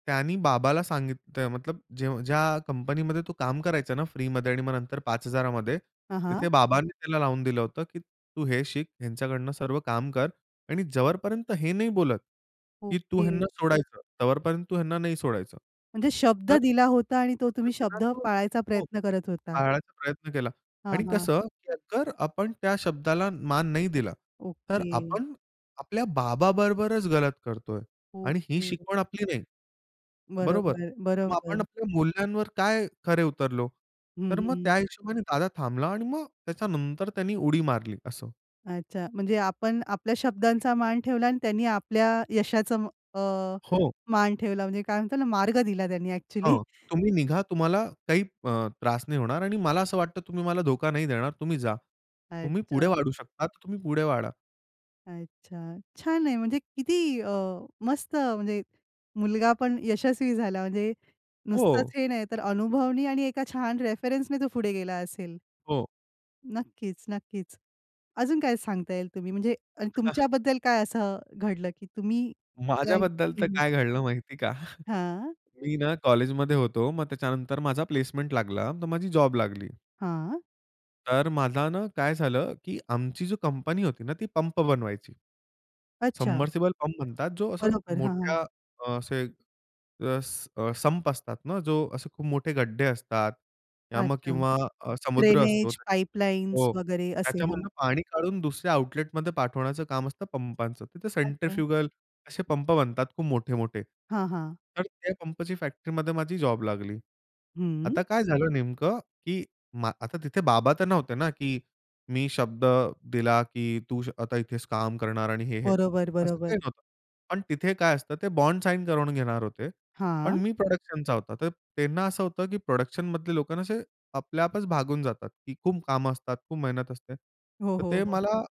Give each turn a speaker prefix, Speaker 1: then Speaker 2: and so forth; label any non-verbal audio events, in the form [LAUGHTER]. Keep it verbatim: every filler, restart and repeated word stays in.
Speaker 1: त्यानी बाबाला सांगित ते मतलब जे ज्या कंपनीमध्ये तो काम करायचं ना फ्रीमध्ये आणि मग नंतर पाच हजारामध्ये,
Speaker 2: हां, हां.
Speaker 1: तिथे बाबांनी त्याला लावून दिलं होतं, की तू हे शिक ह्यांच्याकडून, सर्व काम कर आणि जवरपर्यंत हे नाही बोलत, की तू ह्यांना
Speaker 2: ओके.
Speaker 1: सोडायचं, तवरपर्यंत तू ह्यांना नाही सोडायचं.
Speaker 2: म्हणजे शब्द
Speaker 1: तर
Speaker 2: दिला होता आणि तो तुम्ही
Speaker 1: [UNINTELLIGIBLE]
Speaker 2: शब्द पाळायचा
Speaker 1: हो,
Speaker 2: प्रयत्न करत होता.
Speaker 1: पाळायचा प्रयत्न केला.
Speaker 2: हां,
Speaker 1: आणि
Speaker 2: हां.
Speaker 1: कसं की आगर आपण त्या शब्दाला मान नाही दिला, तर
Speaker 2: ओके.
Speaker 1: आपण आपल्या बाबाबरोबरच गलत करतोय. आणि ही
Speaker 2: ओके.
Speaker 1: शिकवण आपली नाही. बरोबर?
Speaker 2: बरोबर,
Speaker 1: मग आपण
Speaker 2: बरोबर.
Speaker 1: आपल्या मूल्यांवर काय खरे उतरलो?
Speaker 2: हं,
Speaker 1: तर मग
Speaker 2: हं.
Speaker 1: त्या हिशोबाने दादा थांबला आणि मग त्याच्यानंतर त्यानी उडी मारली. असं.
Speaker 2: अच्छा. म्हणजे आपण आपल्या शब्दांचा मान ठेवला अन् त्यांनी आपल्या यशाचं अ,
Speaker 1: हो.
Speaker 2: मान ठेवला म्हणजे काय म्हणतात ना मार्ग दिला त्यांनी अ‍ॅक्चुअली.
Speaker 1: हं, तुम्ही निघा. तुम्हाला काही अ,
Speaker 2: [UNINTELLIGIBLE]
Speaker 1: त्रास नाही होणार. आणि मला असं वाटतं तुम्ही मला धोका नाही देणार, तुम्ही जा. तुम्ही पुढे
Speaker 2: अच्छा.
Speaker 1: वाढू शकता, तर तुम्ही पुढे वाढा.
Speaker 2: अच्छा. छान आहे. म्हणजे किती अ, मस्त म्हणजे मुलगा पण यशस्वी झाला, म्हणजे नुसतंच
Speaker 1: हो.
Speaker 2: हे नाही तर अनुभवनी आणि एका छान रेफरन्सने तो पुढे गेला असेल.
Speaker 1: हो.
Speaker 2: नक्कीच, नक्कीच. अजून काय सांगता येईल तुम्ही? म्हणजे अ
Speaker 1: हां.
Speaker 2: तुमच्याबद्दल काय असं घडलं की तुम्ही काही
Speaker 1: माझ्याबद्दल तर
Speaker 2: हं.
Speaker 1: काय घडलं माहिती का?
Speaker 2: हां.
Speaker 1: [CHUCKLES] मी ना कॉलेजमध्ये होतो. मग त्याच्यानंतर माझा प्लेसमेंट लागला तर माझी जॉब लागली.
Speaker 2: हां.
Speaker 1: तर माझा ना काय झालं की आमची जो कंपनी होती ना ती पंप बनवायची.
Speaker 2: अच्छा.
Speaker 1: सबमर्सिबल पंप म्हणतात जो असं
Speaker 2: बरोबर, हां, हां.
Speaker 1: मोठ्या अ, असे अस अ, संप असतात ना, जो असे खूप मोठे गड्ढे असतात, या मग
Speaker 2: अच्छा.
Speaker 1: किंवा अ, समुद्र असतो
Speaker 2: ड्रेनेज,
Speaker 1: त्याच्यामधू
Speaker 2: पाईपलाईन्स
Speaker 1: हो,
Speaker 2: वगैरे असे. हां.
Speaker 1: त्याच्यामधून पाणी काढून दुसऱ्या आउटलेटमध्ये पाठवण्याचं काम असतं पंपाचं. तर ते
Speaker 2: अच्छा.
Speaker 1: सेंट्रीफ्युगल असे पंप बनतात खूप मोठे-मोठे.
Speaker 2: हां, हां.
Speaker 1: तर त्या पंपची फॅक्टरीमध्ये माझी जॉब लागली.
Speaker 2: हं.
Speaker 1: आता काय झालं नेमकं की मा आता तिथे बाबा तर नव्हते ना, की, मी शब्द दिला की तू श आता इथेच काम करणार आणि हे-हे,
Speaker 2: बरोबर,
Speaker 1: असं काही
Speaker 2: बरोबर.
Speaker 1: नव्हतं. पण तिथे काय असतं ते बॉन्ड साइन करून घेणार होते. पण
Speaker 2: हां.
Speaker 1: मी प्रोडक्शनचा होता. तर त्यांना असं होतं की प्रोडक्शनमधले लोकं ना असे आपल्या आपच भागून जातात, की खूप कामं असतात, खूप मेहनत असते.
Speaker 2: हो,
Speaker 1: तर
Speaker 2: हो,
Speaker 1: ते
Speaker 2: हो.
Speaker 1: मला